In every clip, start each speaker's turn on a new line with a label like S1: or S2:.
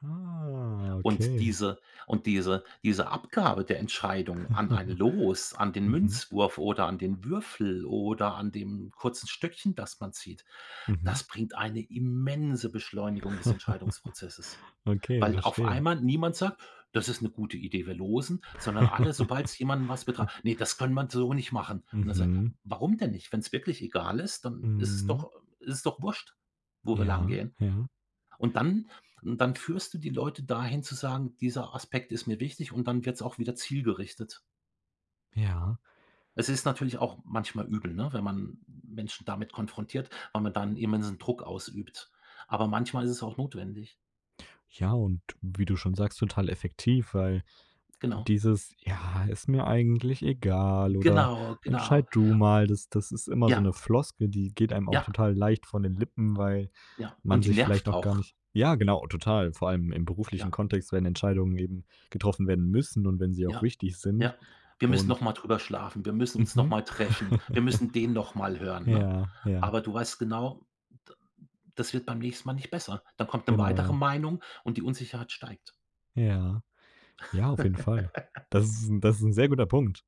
S1: Ah.
S2: Und
S1: Okay.
S2: diese und diese diese Abgabe der Entscheidung an ein Los, an den
S1: Mhm.
S2: Münzwurf oder an den Würfel oder an dem kurzen Stöckchen, das man zieht,
S1: Mhm.
S2: das bringt eine immense Beschleunigung des Entscheidungsprozesses.
S1: Okay,
S2: Weil auf
S1: verstehe.
S2: einmal niemand sagt: „Das ist 'ne gute Idee, wir losen“, sondern alle sobald's jemanden was betra: „Ne, das können wir so nicht machen.“ Und er sagt:
S1: Mhm.
S2: „Warum denn nicht? Wenn's wirklich egal ist, dann ist es
S1: Mhm.
S2: doch ist es doch Wurst, wo wir lang
S1: Ja,
S2: gehen.“
S1: ja.
S2: Und dann und dann führst du die Leute dahin zu sagen: „Dieser Aspekt ist mir wichtig“, und dann wird's auch wieder zielgerichtet.
S1: Ja.
S2: Es ist natürlich auch manchmal übel, ne, wenn man Menschen damit konfrontiert, weil man dann immensen Druck ausübt. Aber manchmal ist es auch notwendig.
S1: Ja, und wie du schon sagst, total effektiv, weil
S2: Genau.
S1: dieses: „Ja, ist mir eigentlich egal oder
S2: Genau, genau.
S1: entscheid du mal“, das das ist immer so
S2: Ja.
S1: 'ne Floskel, die geht einem auch
S2: Ja.
S1: total leicht von den Lippen, weil
S2: Ja.
S1: man
S2: Und die
S1: sich vielleicht
S2: nervt
S1: noch gar
S2: auch.
S1: nicht ja, genau, total, vor allem im beruflichen
S2: Ja.
S1: Kontext, wenn Entscheidungen eben getroffen werden müssen und wenn sie auch
S2: Ja.
S1: wichtig sind
S2: Ja. Wir müssen noch
S1: und
S2: mal drüber schlafen. Wir müssen uns noch
S1: Mhm.
S2: mal treffen. Wir müssen den noch mal hören, ne?
S1: Ja, ja.
S2: Aber du weißt genau, d das wird beim nächsten Mal nicht besser. Dann kommt 'ne
S1: Genau,
S2: weitere
S1: ja.
S2: Meinung und die Unsicherheit steigt.
S1: Ja, ja, auf jeden Fall. Das ist 'n das ist 'n sehr guter Punkt.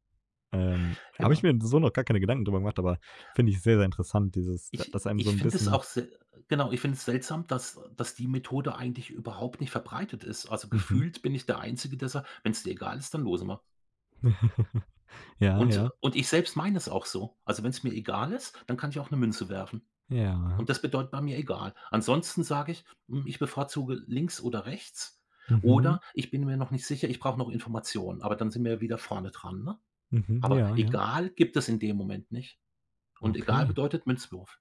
S1: Ähm, habe ich
S2: Genau.
S1: mir n so noch gar keine Gedanken drüber gemacht, aber finde ich sehr, sehr interessant, dieses d
S2: Ich
S1: dass einem so
S2: ich
S1: 'n
S2: finde es
S1: bisschen
S2: auch se genau, ich finde es seltsam, dass dass die Methode eigentlich überhaupt nicht verbreitet ist. Also
S1: Mhm.
S2: gefühlt bin ich der Einzige, sagt: „Wenn es dir egal ist, dann losen wir.“
S1: Ja,
S2: Und
S1: ja.
S2: und ich selbst meine es auch so. Also wenn's mir egal ist, dann kann ich auch 'ne Münze werfen.
S1: Ja.
S2: Und das bedeutet bei mir egal. Ansonsten sage ich: „Hm, ich bevorzuge links oder rechts
S1: Mhm.
S2: oder ich bin mir noch nicht sicher, ich brauche noch Informationen“, aber dann sind wir ja wieder vorne dran, ne?
S1: Mhm.
S2: Aber
S1: Ja, ja.
S2: egal gibt es in dem Moment nicht. Und egal
S1: Okay.
S2: bedeutet Münzwurf.